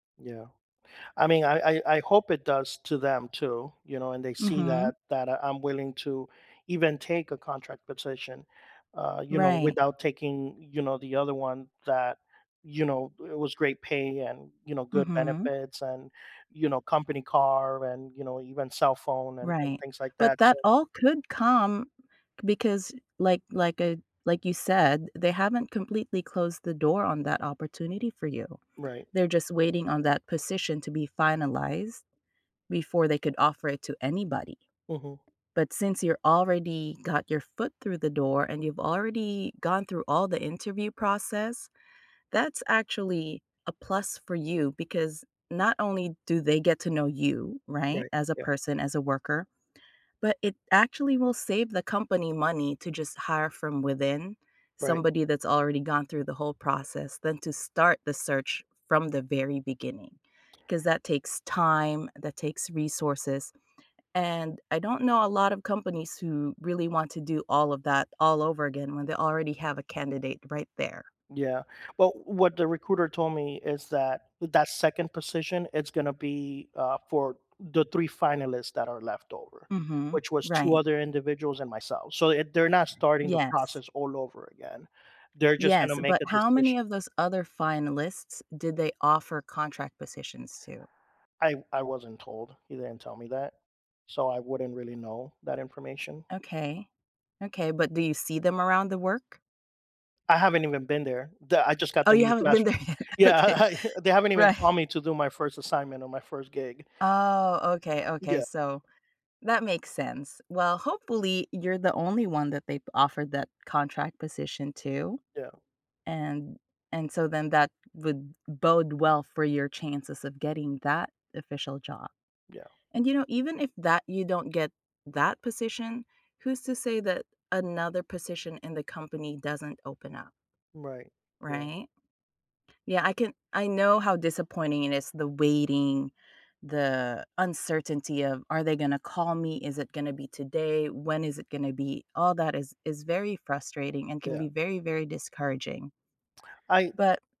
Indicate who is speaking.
Speaker 1: Yeah, I mean, I I I hope it does to them too, you know, and they see
Speaker 2: Mhm.
Speaker 1: that that I'm willing to even take a contract position, uh, you know,
Speaker 2: Right.
Speaker 1: without taking, you know, the other one that, you know it was great pay and, you know, good
Speaker 2: Mhm.
Speaker 1: benefits and, you know, company car and, you know, even cell phone and and
Speaker 2: Right,
Speaker 1: things like
Speaker 2: but
Speaker 1: that, so
Speaker 2: that all could come, because like like a like you said, they haven't completely closed the door on that opportunity for you.
Speaker 1: Right.
Speaker 2: They're just waiting on that position to be finalized before they could offer it to anybody.
Speaker 1: Mhm.
Speaker 2: But, since you already got your foot through the door and you've already gone through all the interview process, that's actually a plus for you because not only do they get to know you, right,
Speaker 1: Right,
Speaker 2: as a
Speaker 1: yeah.
Speaker 2: person, as a worker, but it actually will save the company money to just hire from within,
Speaker 1: Right.
Speaker 2: somebody that's already gone through the whole process than to start the search from the very beginning, 'cause that takes time, that takes resources and I don't know a lot of companies who really want to do all of that all over again when they already have a candidate right there.
Speaker 1: Yeah, well, what the recruiter told me is that, that 2nd position, it's gonna be, uh, for the 3 finalists that are left over,
Speaker 2: Mhm,
Speaker 1: which was 2
Speaker 2: right.
Speaker 1: other individuals and myself. So, eh, they're not starting the
Speaker 2: Yes.
Speaker 1: process all over again. They're just
Speaker 2: Yes,
Speaker 1: gona make
Speaker 2: but
Speaker 1: a
Speaker 2: how many
Speaker 1: decision
Speaker 2: of those other finalists did they offer contract positions to?
Speaker 1: I I wasn't told. He didn't tell me that, so, I wouldn't really know that information.
Speaker 2: Okay, okay but do you see them around the work?
Speaker 1: I haven't even been there. The I just got
Speaker 2: Oh,
Speaker 1: the
Speaker 2: you
Speaker 1: news
Speaker 2: haven't been
Speaker 1: last week.
Speaker 2: there yet? Okay,
Speaker 1: Yeah, they haven't even
Speaker 2: right.
Speaker 1: called me to do my 1st assignment or my 1st gig.
Speaker 2: Oh, okay, okay,
Speaker 1: Yeah.
Speaker 2: so that makes sense. Well, hopefully you're the only 1 that they've offered that contract position to,
Speaker 1: Yeah.
Speaker 2: and and so then that would bode well for your chances of getting that official job,
Speaker 1: Yeah.
Speaker 2: and you know, even if that you don't get that position, who's to say that another position in the company doesn't open up?
Speaker 1: Right, yeah.
Speaker 2: Right? Yeah, I can I know how disappointing it is, the waiting, the uncertainty of, "Are they gonna call me? Is it gonna be today? When is it going to be?" All that is is very frustrating and can
Speaker 1: Yeah.
Speaker 2: be very, very discouraging.
Speaker 1: I
Speaker 2: But